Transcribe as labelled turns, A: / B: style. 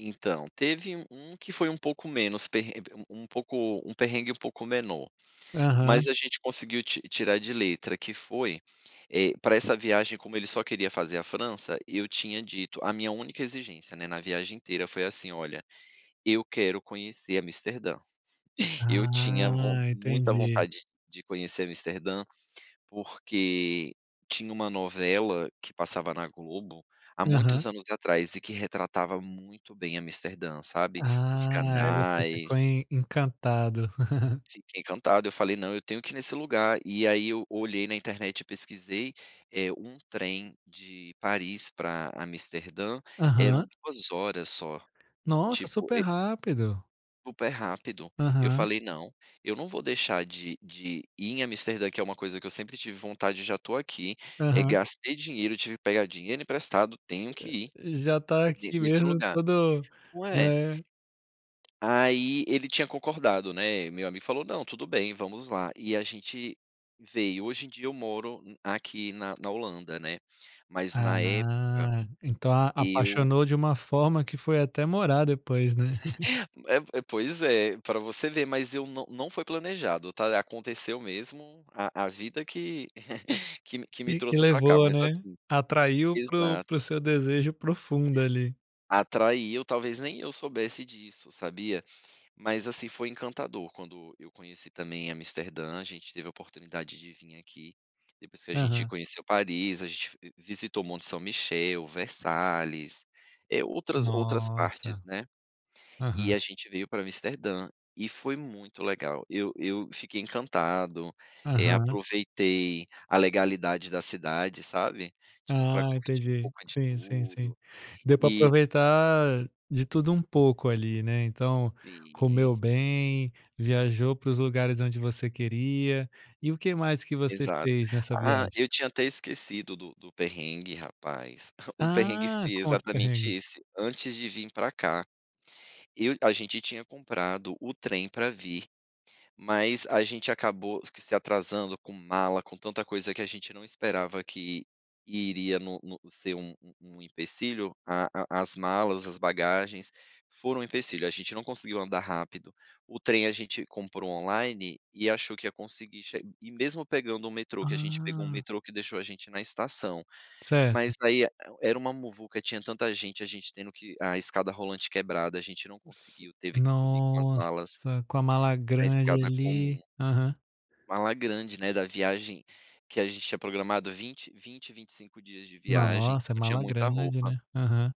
A: Então, teve u um que foi um pouco menos, perre um um pouco um perrengue um pouco menor.
B: Aham.
A: Mas a gente conseguiu ti tirar de letra que foi eh, pra essa viagem como ele só queria fazer a França, eu tinha dito, a minha única exigência né, na viagem inteira foi assim "olha, eu quero conhecer Amsterdã." Eu tinha von
B: Ah,
A: muita
B: entendi.
A: vontade de conhecer Amsterdã, porque tinha uma novela que passava na Globo há muitos
B: Aham.
A: anos atrás e que retratava muito bem Amsterdã, sabe? Os
B: Ah, e você ficou
A: canais
B: en encantado.
A: Fiquei encantado eu falei "não eu tenho que ir nesse lugar". E aí eu olhei na internet e pesquisei, eh, um trem de Paris pra Amsterdã, eram
B: Aham.
A: 2 horas só, no
B: Nossa,
A: tipo,
B: super
A: e
B: rápido.
A: Super rápido, eu
B: Aham.
A: falei "não, eu não vou deixar de de ir em Amsterdã que é uma coisa que eu sempre tive vontade e já estou aqui, eh,
B: Aham.
A: gastei dinheiro, tive que pegar dinheiro emprestado, tenho que ir
B: Já está
A: ne
B: aqui
A: nesse
B: mesmo
A: lugar.
B: todo
A: Não é?
B: é.
A: Aí ele tinha concordado, né, meu amigo falou "não, tudo bem, vamos lá", e a gente veio. Hoje em dia eu moro aqui na na Holanda, né? Mas na época,
B: Ah, então a
A: eu
B: apaixonou de uma forma que foi até morar depois, né?
A: É é, pois é. Pra você ver, mas eu não não foi planejado, tá? Aconteceu mesmo a a vida que que me que me
B: E que
A: trouxe pra cá,
B: levou,
A: mas,
B: né?
A: assim
B: Atraiu para o para o
A: Exato.
B: seu desejo profundo ali.
A: Atraiu, talvez nem eu soubesse disso, sabia? Mas, assim, foi encantador quando eu conheci também Amsterdã, a gente teve a oportunidade de vim aqui depois que a gente
B: Aham.
A: conheceu Paris, a gente, f visitou Monte São Michel, Versalhes, eh, outras outras
B: Nossa.
A: partes, né? E
B: Aham.
A: a gente veio pra Amsterdã, e foi muito legal. Eu eu fiquei encantado, eh,
B: Aham.
A: aproveitei a legalidade da cidade, sabe, tipo, pra
B: Ah,
A: curtir um
B: entendi,
A: pouco de
B: sim sim sim.
A: tudo
B: Deu para
A: e
B: aproveitar de tudo um pouco ali né, então,
A: Sim.
B: comeu bem, viajou para os lugares onde você queria. E o que mais que você
A: Exato.
B: fez nessa
A: Ah,
B: viagem?
A: eu tinha até esquecido do do perrengue, rapaz. O perrengue
B: Ah,
A: foi
B: conta o
A: exatamente
B: perrengue.
A: esse, antes de vim pra cá. Eu a gente tinha comprado o trem pra vir, mas a gente acabou que se atrasando com mala, com tanta coisa que a gente não esperava que iria no no ser um um um empecilho, a a as malas, as bagagens, foram um empecilho, a gente não conseguiu andar rápido. O trem, a gente comprou online, e achou que ia conseguir, che e mesmo pegando um metrô, que a gente pegou um
B: Ah.
A: metrô que deixou a gente na estação.
B: Certo.
A: Mas aí era uma muvuca, tinha tanta gente, a gente tendo que a escada rolante quebrada, a gente não
B: S
A: conseguiu, teve que subir com as malas
B: Nossa, com a mala
A: na
B: grande
A: escada comum.
B: ali, aham.
A: Mala grande, né, da viagem que a gente tinha programado 20- 20, 25, dias de viagem,
B: Nossa,
A: então tinha
B: mala
A: muita
B: grande,
A: roupa.
B: né? Aham.